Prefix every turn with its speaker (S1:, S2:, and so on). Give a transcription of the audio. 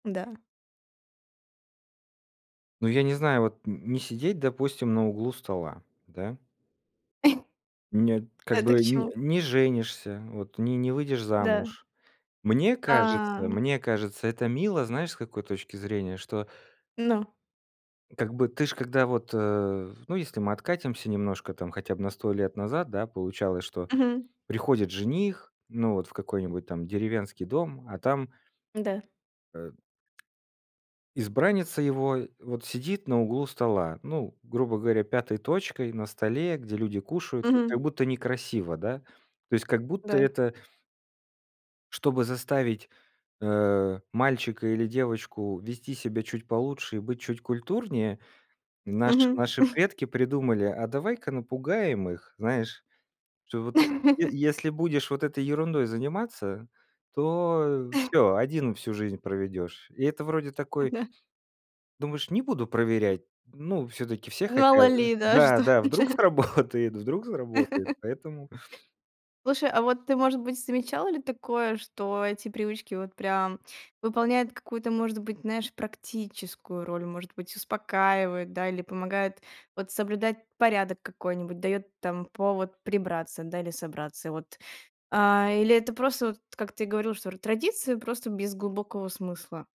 S1: Да.
S2: Ну, я не знаю, вот н не сидеть, допустим, на углу стола, да? Меня, это,
S1: А,
S2: как
S1: это к
S2: бы не
S1: чему?
S2: не женишься, вот, не не выйдешь
S1: Да.
S2: замуж. Мне
S1: А.
S2: кажется, мне кажется, это мило, знаешь, с какой точки зрения, что
S1: Но.
S2: как бы, ты ж, когда вот, э, ну, если мы откатимся немножко там, хотя бы на 100 лет назад, да, получалось, что
S1: Мгм.
S2: приходит жених, ну, вот в какой-нибудь там деревенский дом, а там
S1: Да.
S2: э, избранница его, вот сидит на углу стола, ну, грубо говоря, пятой точкой на столе, где люди кушают, как-то, как
S1: Мгм.
S2: будто некрасиво, да? То есть как будто
S1: Да.
S2: это чтобы заставить, э, мальчика или девочку вести себя чуть получше и быть чуть культурнее. Наши
S1: Мгм.
S2: наши предки придумали: "А давай-ка напугаем их, знаешь, что вот, е если будешь вот этой ерундой заниматься, то всё, один всю жизнь проведёшь". И это вроде такой
S1: Ага.
S2: думаешь: "Не буду проверять". Ну, всё-таки все хотя
S1: Мало
S2: э
S1: ли, да, что
S2: Да-да, вдруг
S1: это?
S2: сработает, вдруг сработает, поэтому.
S1: Слушай, а вот ты, может быть, замечала ли такое, что эти привычки вот прям выполняют какую-то, может быть, знаешь, практическую роль, может быть, успокаивают, да, или помогают вот соблюдать порядок какой-нибудь, даёт там повод прибраться, да, или собраться? И вот А, или это просто вот, как ты говорил, что традиции, просто без глубокого смысла.